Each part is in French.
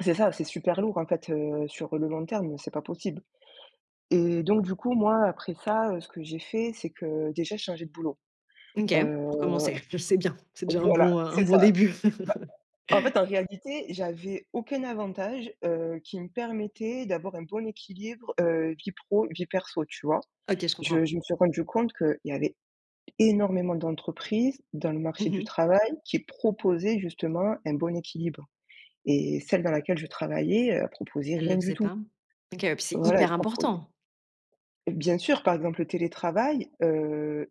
C'est ça, c'est super lourd en fait, heu, sur le long terme, c'est pas possible et donc du coup moi après ça, heu, ce que j'ai fait, c'est que déjà j'ai changé de boulot. Mmh OK. Heu, Pour commencer, je sais bien, c'est déjà un voilà, bon un un c'est bon ça. début. Bah en fait en réalité, j'avais aucun avantage, heu, qui me permettait d'avoir un bon équilibre, heu, vie pro, vie perso, tu vois? OK, je Je comprends. je me suis rendu compte qu'il y avait énormément d'entreprises dans le Mmh marché du mh. travail qui proposaient justement un bon équilibre et celle dans laquelle je travaillais, elle proposait Elle le rien du faisait tout. pas? OK, heu, puis c'est Voilà, elle hyper proposait important. Bien sûr, par exemple, le télétravail, heu,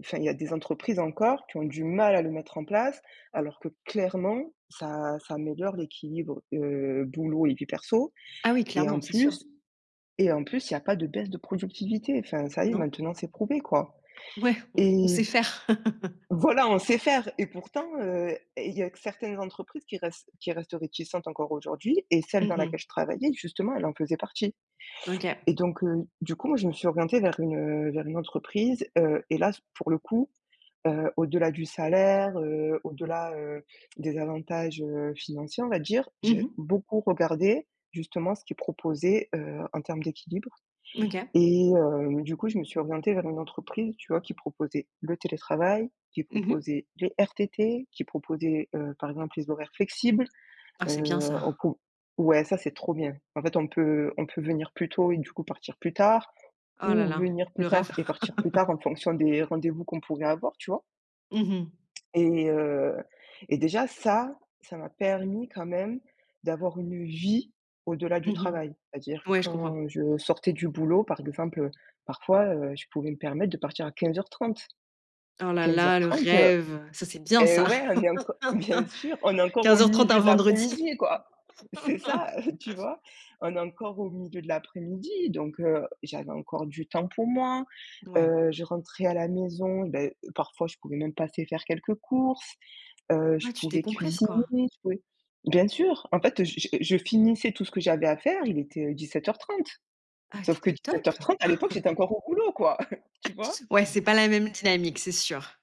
enfin, il y a des entreprises encore qui ont du mal à le mettre en place, alors que clairement ça ça améliore l'équilibre, heu, boulot et vie perso Ah oui et clairement, en c'est sûr. plus et en plus il y a pas de baisse de productivité. Enfin ça y Non. maintenant c'est prouvé quoi Ouais on on et sait faire. voilà on sait faire et pourtant, heu, et il y a certaines entreprises qui restent qui restent réticentes encore aujourd'hui et celles Mmh dans laquelle mh. je travaillais justement elle en faisait partie. OK. Et donc heu, du coup, moi je me suis orientée vers une, heu, vers une entreprise, heu, et là c'est pour le coup, heu, au-delà du salaire, heu, au-delà, heu, des avantages, heu, financiers on va dire, Mmh j'ai mh. beaucoup regardé justement ce qu'ils proposaient, heu, en termes d'équilibre OK. et heu, du coup, je me suis orientée vers une entreprise tu vois qui proposait le télétravail, qui Mmh mh. proposait les RTT, qui proposait, heu, par exemple, les horaires flexibles. Ah Heu, c'est bien on ça. pou ouais, ça, c'est trop bien. En fait, on peut on peut venir plus tôt et du coup partir plus tard Oh là ou là. venir plus Le rêve. tard et partir plus tard en fonction des rendez-vous qu'on pourrait avoir, tu vois Mmh mh. et heu, et déjà ça, ça m'a permis quand même d'avoir une vie au-delà Mmh du mh. travail. C'est-à-dire Ouais je comprends. quand je sortais du boulot, par exemple, heu, parfois, heu, je pouvais me permettre de partir à 15:30. Oh là quinze heures là, le trente, heu rêve, ça, c'est bien et ça. ouais, on est enco bien sûr, on est encore au 15:30, milieu un de vendredi. l'après-midi quoi. C'est ça, tu vois? On est encore au milieu de l'après-midi, donc heu, j'avais encore du temps pour moi. Ouais. Heu, je rentrais à la maison, ben parfois je pouvais même passer faire quelques courses, heu, je Ouais tu pouvais décompresses, cuisiner, quoi. je pouvais bien sûr, en fait, je j je finissais tout ce que j'avais à faire, il était, heu, 17:30. Ah! Tu Sauf que étais au dix-sept top. heures trente, à l'époque, j'étais encore au boulot quoi, tu vois? Ouais, c'est pas la même dynamique, c'est sûr.